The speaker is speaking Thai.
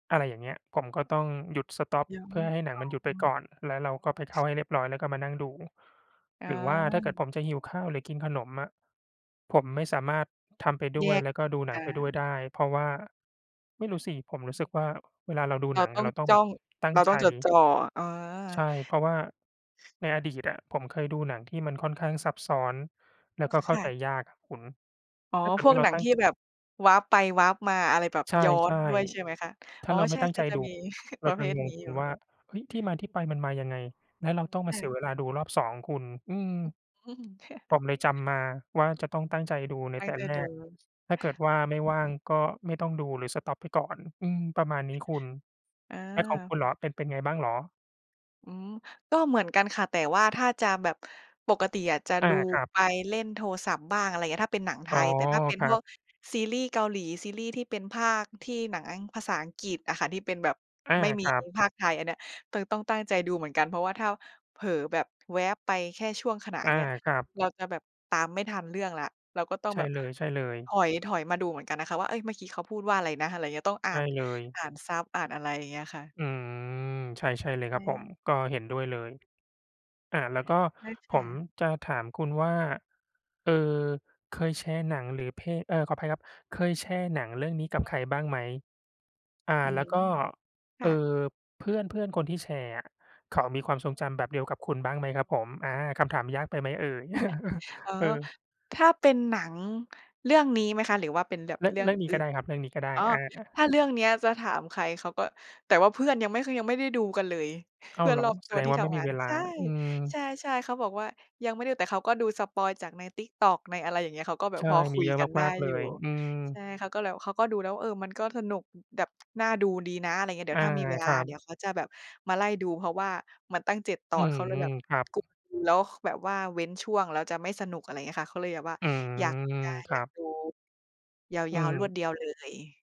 อะไรอย่างเงี้ย ผมก็ต้องหยุด สต็อป ย้อเพื่น อให้หนังมันหยุดไอป๋กอ ่อน แล้วเราก็ไปเข้าให้เรียบร้อย แล้วก็มานั่งดู อหรือว่าถ้าเกิดผา มจะหิวข้าว หรือกินขนมอะ ผมไม่สามารถทำไปดแ้ยวย ก แล้วก็ดูหนัองา ไปด้วยได้ เพราะว่า ไม่รู้สิ ผมรู้สึกว่า เวลาเราดูเราหนังตอ้อะ เงราต้องจแ้บอบง ตั้เงราใต้จ องจดจ่อ อา ใช่ เพราะว่าในอดีตอะ ผมเคยดูหนังที่มันค่อนข้างซับซ้อน แล้วก็เขค้า่ใจะ ยากอะคุณ อ๋อ ถ้าเกิดพวว่กาเราหนังตั้ง ที่ แบบ warp ไป warp มา อะไรแบบใชย้อน่ ด้วย ใช่ไหมคะ? ๆ ถ้อ๋าอ เราไใมช่่ ตั้งใจๆ จะดู มี เรปาระจเภะทงนงี้อยู่ ว่า เฮ้ย ที่มาที่ไปมันมายังไง แล้วเราต้องมคา่เสียะ เวลาดูรอบ 2 คุณ อืม ผมเลยจำมาว่า จะต้องตั้งใจดูในตัแ้ตง่ใจแรดู ก อถ้าเกิดว่าไม่ืว่ม าง ก็ไม่ต้องดู หรือ สต็อป ไปก่อน อืม ประมาณนี้คุณ อแล้วของคุา ณเหรอ เป็น เป็นไงบ้างเหรอ? อืม ก็เหมือนกันค่ะ แต่ว่าถ้าจะแบบ ปกติอะ จะอดา ูครัไปบ เล่นโทรศัพท์บ้าง อะไรอย่างเงี้ย ถ้าเป็นหนังไทอ๋อ ย แต่ถ้าเป็นครพัวบ กซีรีส์เกาหลี ซีรีส์ที่เป็นพากย์ที่ หนังอัง ภาษาอังกฤษอะค่ะ ที่เป็นแบบอา ไม่มีครับ พากย์ไทยอันเนี้ย ต ต้องตั้งใจดูเหมือนกัน เพราะว่า ถ้าเผลอแบบแวบไป แค่ช่วงขณะออย่า างเงี้ย ครับ เราจะแบบตามไม่ทันเรื่องแล้ว เราก็ต้องใชแ่บบเลย ถๆ อย ๆ มาดูเหมือนกันนะคะว่า เอ๊ย เมื่อกี้เขาพูดว่าอะไรนะ? อะไรอย่างเงี้ย ต้องใอ่ชา่น เลย อ่านซับ อ่านอะไรอย่างเงี้ยค่ะ อืม ใช่ ใช่เลยครับผม [unintelligible] ก็เห็นด้วยเลย อ่า แล้วก็ใช่คผ่มะ จะถามคุณว่า เอ่อ เคยแชร์หนัง หรือเพลง เออ ขออภัยครับ เคยแชร์หนังเรื่องนี้ กับใครบ้างไหม? อ่า อืแล้ม วก็ คเอ่่อ ะ เพื่อน ๆ คนที่แชร์อะ เขามีความทรงจำแบบเดียวกับคุณบ้างไหมครับผม? อา คำถามยากไปไหมเอ่ย อ๋อ เออ ถ้าเป็นหนังเรื่องนี้ไหมคะ? หรือว่าเป็นแบบเรื่อง เรื่เอรงื่องนี้อืก่็ไน? ด้ครับ เรื่องนี้ก็ได้ อ๋อ อา ถ้าเรื่องเนี้ยจะถามใคร เขาก็ แต่ว่าเพื่อนยังไม่เคย ยังไม่ได้ดูกันเลย อ้เาพืว่อเนหรอ รอบแสตัวดงที่ว่าทไม่ำมงีาน เวลา ใช่ อืม ใช่ ๆ เขาบอกว่า ยังไม่ดู แต่เขาก็ดูสปอยล์จากใน TikTok ในอะไรอย่างเงี้ย เขาก็แบใบช่ พอคมีุยเยอะกันไดม้าก ๆ เลอยู่ ย อืม ใช่ เขาก็เลย เขาก็ดูแล้วว่า เออ มันก็สนุก แบบ น่าดูดีนะ อะไรอย่างเงี้ย เดีอ๋ยา วถ้ามีเวลคา รัเดีบ ๋ยวเขาจะแบบมาไล่ดู เพราะว่ามันตั้ง 7 ตออืน เขาเลยแบม บ ครับ กุ แล้วคือแบบว่าเว้นช่วง แล้วจะไม่สนุก อะไรอย่างเงี้ยค่ะ เขาเลยแบบว่า อือยากม จะ คอรยัากบ ดูยอืาว ๆ รวดม เดียวเลย